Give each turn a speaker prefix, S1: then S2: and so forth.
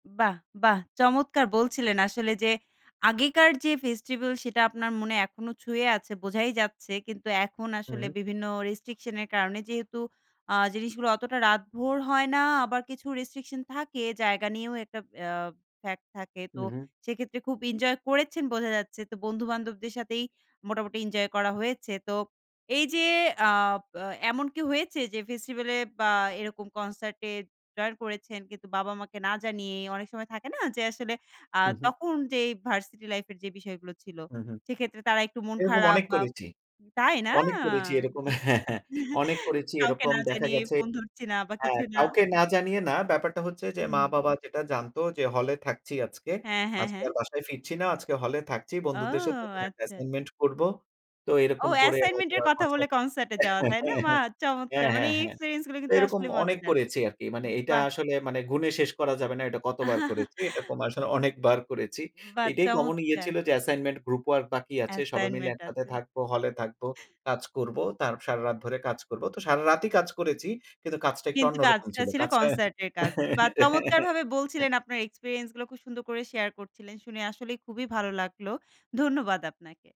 S1: বাহ, বাহ! চমৎকার বলছিলেন আসলে। যে, আগেকার যে, ফেস্টিভাল সেটা আপনার মনে এখনো ছুঁয়ে আছে বোঝাই যাচ্ছে। কিন্তু এখন
S2: হু,
S1: আসলে
S2: হুম।
S1: বিভিন্ন রেস্ট্রিকশন এর কারণে যেহেতু আ জিনিসগুলো অতটা রাতভর হয় না, আবার কিছু রেস্ট্রিকশন থাকে জায়গা নিয়েও একটা অ্যা ফ্যাক্ট থাকে।
S2: হু,
S1: তো
S2: হুম।
S1: সেক্ষেত্রে খুব ইনজয় করেছেন বোঝা যাচ্ছে। তো বন্ধু-বান্ধবদের সাথেই মোটামুটি এনজয় করা হয়েছে। তো এই যে, আ প এমন কি হয়েছে যে, ফেস্টিভালে বা এরকম কনসার্ট এ জয়েন করেছেন কিন্তু বাবা-মাকে না জানিয়ে? অনেক সময় থাকে না যে, আসলে আ
S2: হু, হুম।
S1: তখন যেই ভার্সিটি লাইফ এর যে, বিষয়গুলো ছিল
S2: হু, হুম।
S1: সেক্ষেত্রে তারা একটু মন
S2: এরকম
S1: খারাপ
S2: অনেক
S1: বা
S2: করেছি
S1: তাই না?
S2: অনেক করেছি এরকম
S1: জি।
S2: হ্যাঁ, হ্যাঁ, অনেক করেছি
S1: কাউকে
S2: এরকম
S1: না
S2: দেখা
S1: জানি
S2: গেছে
S1: ফোন ধরছি না বা
S2: হ্যাঁ,
S1: কিছু না।
S2: কাউকে না জানিয়ে না। ব্যাপারটা হচ্ছে যে,
S1: হুম।
S2: মা-বাবা যেটা জানতো যে, হলে থাকছি আজকে।
S1: হ্যাঁ, হ্যাঁ,
S2: আজকে
S1: হ্যাঁ।
S2: আর বাসায় ফিরছি না, আজকে হলে থাকছি,
S1: ও
S2: বন্ধুদের সাথে কোন একটা
S1: আচ্ছা, আচ্ছা।
S2: অ্যাসাইনমেন্ট করবো। তো
S1: ও
S2: এরকম করে
S1: অ্যাসাইনমেন্ট এর
S2: হয়তোবা
S1: কথা বলে
S2: কনসার্ট
S1: কনসার্ট এ যাওয়া তাই না? মা চমৎকার।
S2: হ্যাঁ,
S1: মানে
S2: হ্যাঁ,
S1: এই
S2: হ্যাঁ।
S1: এক্সপেরিয়েন্স গুলো
S2: তো
S1: কিন্তু
S2: এরকম
S1: আসলে
S2: অনেক
S1: মজাদার।
S2: করেছি আরকি। মানে
S1: জি,
S2: এইটা
S1: বাহ!
S2: আসলে মানে গুনে শেষ করা যাবে না এটা কতবার করেছি। এটা তোম আসলে অনেকবার করেছি। তো
S1: বাহ
S2: এটাই কমন ইয়ে
S1: চমৎকার!
S2: ছিল যে, অ্যাসাইনমেন্ট গ্রুপ ওয়ার্ক বাকি আছে। সবাই মিলে
S1: অ্যাসাইনমেন্ট
S2: একসাথে
S1: আছে।
S2: থাকবো, হলে থাকবো, কাজ করব, তার সারারাত ধরে কাজ করব। তো সারারাতই কাজ করেছি, কিন্তু কাজটা একটু
S1: কিন্তু
S2: অন্যরকম
S1: কাজটা
S2: ছিল।
S1: ছিল
S2: কাজটা হ্যাঁ।
S1: কনসার্ট এর কাজ। বাহ! চমৎকারভাবে বলছিলেন আপনার এক্সপেরিয়েন্স গুলো খুব সুন্দর করে শেয়ার করছিলেন। শুনে আসলেই খুবই ভালো লাগলো। ধন্যবাদ আপনাকে।